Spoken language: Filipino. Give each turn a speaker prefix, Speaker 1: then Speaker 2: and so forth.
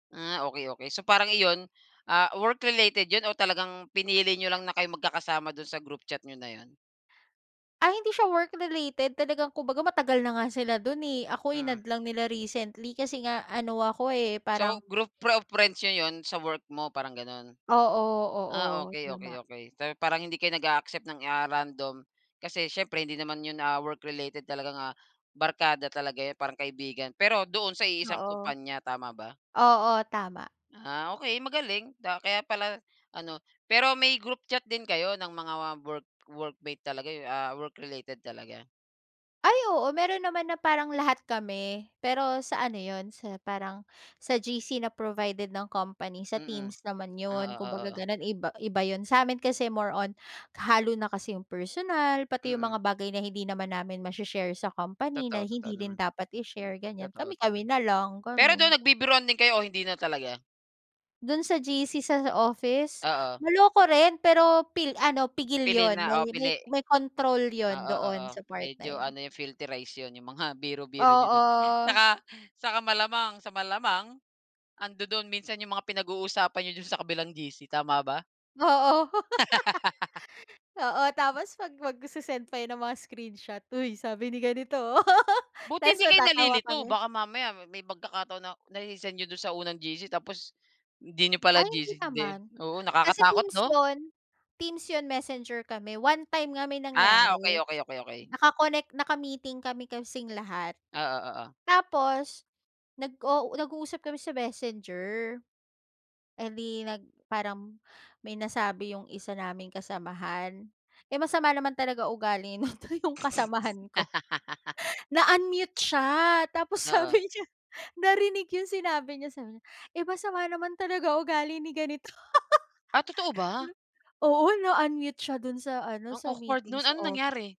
Speaker 1: Ah, okey okey. So parang iyon ah, work related yun o talagang pinili niyo lang na kayong magkakasama dun sa group chat n'yo na yun?
Speaker 2: Ay, hindi siya work related talagang kung baga matagal na nga sila dun eh, ako in-add
Speaker 1: Mm.
Speaker 2: lang nila recently, kasi nga ano ako eh, parang
Speaker 1: So, group pro of friends n'yo yun sa work mo, parang gano'n?
Speaker 2: Oo,
Speaker 1: Ah,
Speaker 2: oo.
Speaker 1: okey okey
Speaker 2: Tama.
Speaker 1: okey. So, parang hindi kayo nag-a-accept ng ah, random kasi siyempre hindi naman yun ah, work related talagang ah, barkada talaga yan, parang kaibigan. Pero doon sa iisang
Speaker 2: Oo.
Speaker 1: kumpanya, tama ba?
Speaker 2: Oo, tama.
Speaker 1: Ah okey, magaling. Da kaya pala ano pero may group chat din kayo ng mga work workmate talaga, yung a work related talaga?
Speaker 2: Ay, oo meron naman na parang lahat kami, pero sa ano yun, sa parang, sa GC na provided ng company, sa
Speaker 1: Mm.
Speaker 2: teams naman
Speaker 1: Ah,
Speaker 2: yun, kung
Speaker 1: oo,
Speaker 2: baga
Speaker 1: oo.
Speaker 2: gano'n iba iba yun, sa'min kasi more on kahalo na kasi yung personal, pati yung
Speaker 1: Mm.
Speaker 2: mga bagay na hindi naman namin mashi-share sa company na
Speaker 1: Totoo,
Speaker 2: hindi
Speaker 1: totoo
Speaker 2: rin
Speaker 1: naman.
Speaker 2: dapat
Speaker 1: Hmm,
Speaker 2: i-share ganyan,
Speaker 1: totoo, totoo.
Speaker 2: kami-kami na lang
Speaker 1: Pero dun
Speaker 2: gano'n.
Speaker 1: nag bibiruan din kayo o hindi na talaga?
Speaker 2: Do'n sa GC sa office?
Speaker 1: Oo.
Speaker 2: Maloko rin, pero pil ano pigil
Speaker 1: Pili
Speaker 2: yun,
Speaker 1: na?
Speaker 2: may
Speaker 1: Oo,
Speaker 2: may
Speaker 1: pili?
Speaker 2: may control yun
Speaker 1: Oo,
Speaker 2: doon
Speaker 1: oo.
Speaker 2: sa part na
Speaker 1: Medyo
Speaker 2: yun.
Speaker 1: ano yun, filterize yun, yung mga biro-biro niyo do'n.
Speaker 2: Oo.
Speaker 1: Tsaka saka malamang, sa malamang andodon minsan yung mga pinag-uusapan niyo dun sa kabilang GC, tama ba?
Speaker 2: Oo. Oo, tapos pag magse-send pa yan ng mga screenshot, "Uy sabi ni ganito."
Speaker 1: Buti
Speaker 2: Tapos
Speaker 1: hindi kayo
Speaker 2: matatawa
Speaker 1: nalilito?
Speaker 2: kami.
Speaker 1: Baka mamaya may pagkakataon na nase-send niyo dun sa unang GC, tapos hindi niyo pala
Speaker 2: Ay, hindi
Speaker 1: GC, hindi
Speaker 2: naman.
Speaker 1: oo,
Speaker 2: Kasi
Speaker 1: nakakatakot,
Speaker 2: teams
Speaker 1: 'no?
Speaker 2: yon. Teams yon, messenger kami. One time nga may
Speaker 1: Ah,
Speaker 2: nangyari.
Speaker 1: okey okey. Okey okey.
Speaker 2: Naka-connect, naka-meeting kami kasing lahat,
Speaker 1: Oo, oo.
Speaker 2: tapos nag-u nag-uusap kami sa Messenger, eh, di nag parang may nasabi yung isa naming kasamahan. Eh, masama naman talaga ugali nito yung kasamahan ko, na-unmute siya tapos
Speaker 1: Oo.
Speaker 2: sabi niya, narinig yung sinabi niya, sabi niya, "Eh masama naman talaga ugali ni ganito."
Speaker 1: Ah, totoo ba?
Speaker 2: Oo, na-unmute siya dun sa ano,
Speaker 1: Ang
Speaker 2: sa
Speaker 1: awkward
Speaker 2: meeting
Speaker 1: nun.
Speaker 2: sa
Speaker 1: Anong
Speaker 2: office.
Speaker 1: nangyari?